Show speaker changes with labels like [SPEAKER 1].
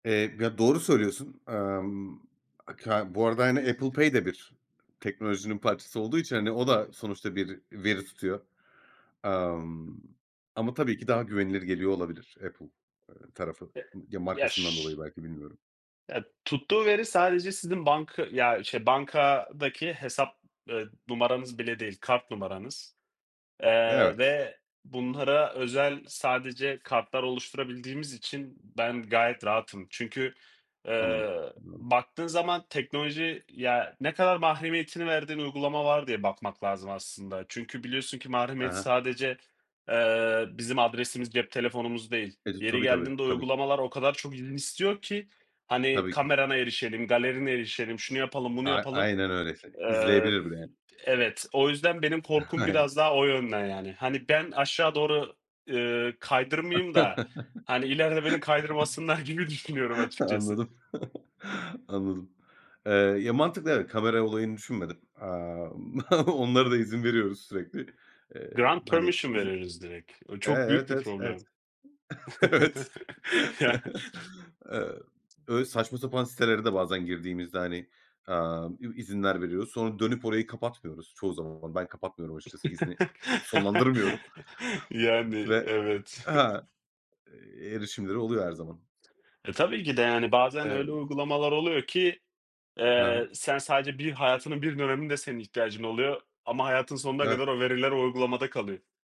[SPEAKER 1] Eee, ya, doğru söylüyorsun. Emm, ka bu arada aynı Apple Pay de bir teknolojinin parçası olduğu için, hani, o da sonuçta bir veri tutuyor. Emm, ama tabii ki daha güvenilir geliyor olabilir Apple, eee, tarafı.
[SPEAKER 2] E
[SPEAKER 1] M ya
[SPEAKER 2] ya,
[SPEAKER 1] markasından
[SPEAKER 2] ş
[SPEAKER 1] dolayı belki, bilmiyorum.
[SPEAKER 2] Ya, tuttuğu veri sadece sizin banka ya, şey, bankadaki hesap, eee, numaranız bile değil, kart numaranız. Eee,
[SPEAKER 1] Evet.
[SPEAKER 2] ve bunlara özel sadece kartlar oluşturabildiğimiz için ben gayet rahatım. Çünkü,
[SPEAKER 1] Anladım,
[SPEAKER 2] eee,
[SPEAKER 1] anladım.
[SPEAKER 2] baktığın zaman teknoloji, ya, ne kadar mahremiyetini verdiğin uygulama var diye bakmak lazım aslında. Çünkü biliyorsun ki
[SPEAKER 1] I
[SPEAKER 2] mahremiyet
[SPEAKER 1] he he.
[SPEAKER 2] sadece, eee, bizim adresimiz, cep telefonumuz değil.
[SPEAKER 1] E dü
[SPEAKER 2] Yeri
[SPEAKER 1] tabii, tabii.
[SPEAKER 2] geldiğinde
[SPEAKER 1] Tabii ki.
[SPEAKER 2] uygulamalar o kadar çok izin istiyor ki. Hani,
[SPEAKER 1] Tabii ki.
[SPEAKER 2] "Kamerana erişelim, galerine erişelim, şunu yapalım, bunu
[SPEAKER 1] A
[SPEAKER 2] yapalım."
[SPEAKER 1] aynen öyle. Se
[SPEAKER 2] Eee
[SPEAKER 1] izleyebilir bile yani.
[SPEAKER 2] Evet, o yüzden benim korkum biraz
[SPEAKER 1] [unintelligible]
[SPEAKER 2] daha o yönden, yani. Hani, "Ben aşağı doğru, eee, kaydırmayayım da, hani, ileride beni kaydırmasınlar." gibi düşünüyorum açıkçası.
[SPEAKER 1] Anladım. Anladım. Eee, ya mantıklı, evet, kamera olayını düşünmedim. Eee, m onlara da izin veriyoruz sürekli. Eee,
[SPEAKER 2] Grant
[SPEAKER 1] m hani,
[SPEAKER 2] permission
[SPEAKER 1] izin
[SPEAKER 2] veririz direkt. O
[SPEAKER 1] Eee,
[SPEAKER 2] çok büyük
[SPEAKER 1] evet,
[SPEAKER 2] bir
[SPEAKER 1] evet, evet.
[SPEAKER 2] problem. Ya
[SPEAKER 1] Evet. Eee, öyle saçma sapan sitelere de bazen girdiğimizde hani, emm, i izinler veriyoruz. Sonra dönüp orayı kapatmıyoruz çoğu zaman. Ben kapatmıyorum açıkçası, izni e sonlandırmıyorum
[SPEAKER 2] Yani,
[SPEAKER 1] ve
[SPEAKER 2] evet.
[SPEAKER 1] ha, eee, erişimleri oluyor her zaman.
[SPEAKER 2] E, tabii ki de. Yani, bazen öyle
[SPEAKER 1] Emm
[SPEAKER 2] uygulamalar oluyor ki, eee,
[SPEAKER 1] Ha?
[SPEAKER 2] sen sadece bir hayatının bir döneminde senin ihtiyacın oluyor ama hayatının sonuna
[SPEAKER 1] Evet.
[SPEAKER 2] kadar o veriler o uygulamada kalıyor.